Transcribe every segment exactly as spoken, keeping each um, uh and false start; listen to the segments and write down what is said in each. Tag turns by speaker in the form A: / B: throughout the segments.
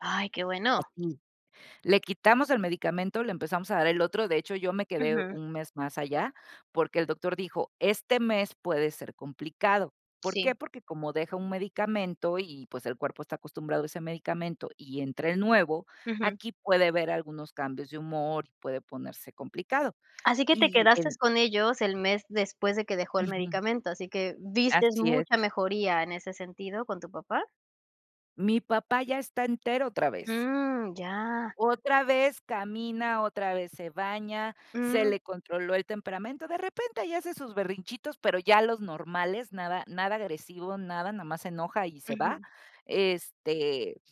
A: Ay, qué bueno.
B: Así. Le quitamos el medicamento, le empezamos a dar el otro. De hecho, yo me quedé
A: Ujú.
B: un mes más allá, porque el doctor dijo: "Este mes puede ser complicado". ¿Por
A: Sí.
B: qué? Porque como deja un medicamento y, pues, el cuerpo está acostumbrado a ese medicamento, y entra el nuevo,
A: Ujú.
B: aquí puede haber algunos cambios de humor, y puede ponerse complicado.
A: Así que te
B: Y el
A: quedastes con ellos el mes después de que dejó el
B: Ujú.
A: medicamento, así que ¿vistes
B: Así es.
A: mucha mejoría en ese sentido con tu papá?
B: Mi papá ya está entero otra vez.
A: Mm. Ya.
B: Otra vez camina, otra vez se baña, se
A: Mm.
B: le controló el temperamento. De repente ahí hace sus berrinchitos, pero ya los normales. Nada, nada agresivo, nada, nomás se enoja y se va.
A: Ujú.
B: Este,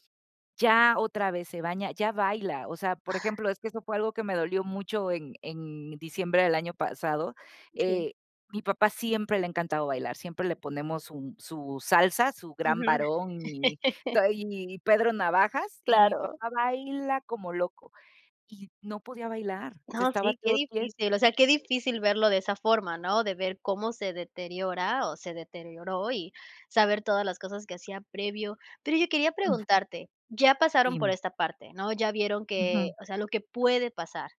B: ya otra vez se baña, ya baila. O sea, por ejemplo, es que eso fue algo que me dolió mucho en en diciembre del año pasado.
A: Sí.
B: Eh, mi papá siempre le ha encantado bailar, siempre le ponemos sun su salsa, su Gran
A: Ujú.
B: Varón y tai y Pedro Navajas, y mi
A: Claro.
B: papá baila como loco. Y no podía bailar,
A: No,
B: se estaba
A: sí, qué
B: todo quie
A: difícil. O sea, qué difícil verlo de esa forma, ¿no? De ver cómo se deteriora, o, se deterioró, y saber todas las cosas que hacía previo. Pero, oye, quería
B: Ujú.
A: preguntarte, ya pasaron por
B: Dime.
A: esta parte, ¿no? Ya vieron que,
B: Ujú.
A: o sea, lo que puede pasar.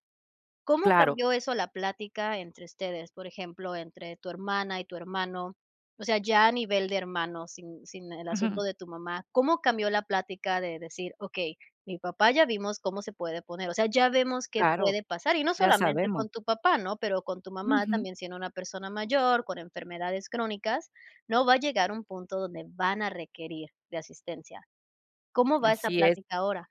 A: ¿Cómo
B: Claro.
A: cambió eso la plática entre ustedes? Por ejemplo, entre tu hermana, y tu hermano, o sea, ya a nivel de hermanos, sin sin el asunto
B: Ujú.
A: de tu mamá, cómo cambió la plática de decir: "Okey, mi papá, ya vimos cómo se puede poner". O sea, ya vemos qué
B: Claro,
A: puede pasar, y no
B: ya
A: solamente
B: sabemos.
A: con tu papá, ¿no? Pero con tu mamá
B: Ujú.
A: también siendo una persona mayor, con enfermedades crónicas, ¿no? Va a llegar a un punto donde van a requerir de asistencia. ¿Cómo va esta
B: Así es.
A: plática ahora?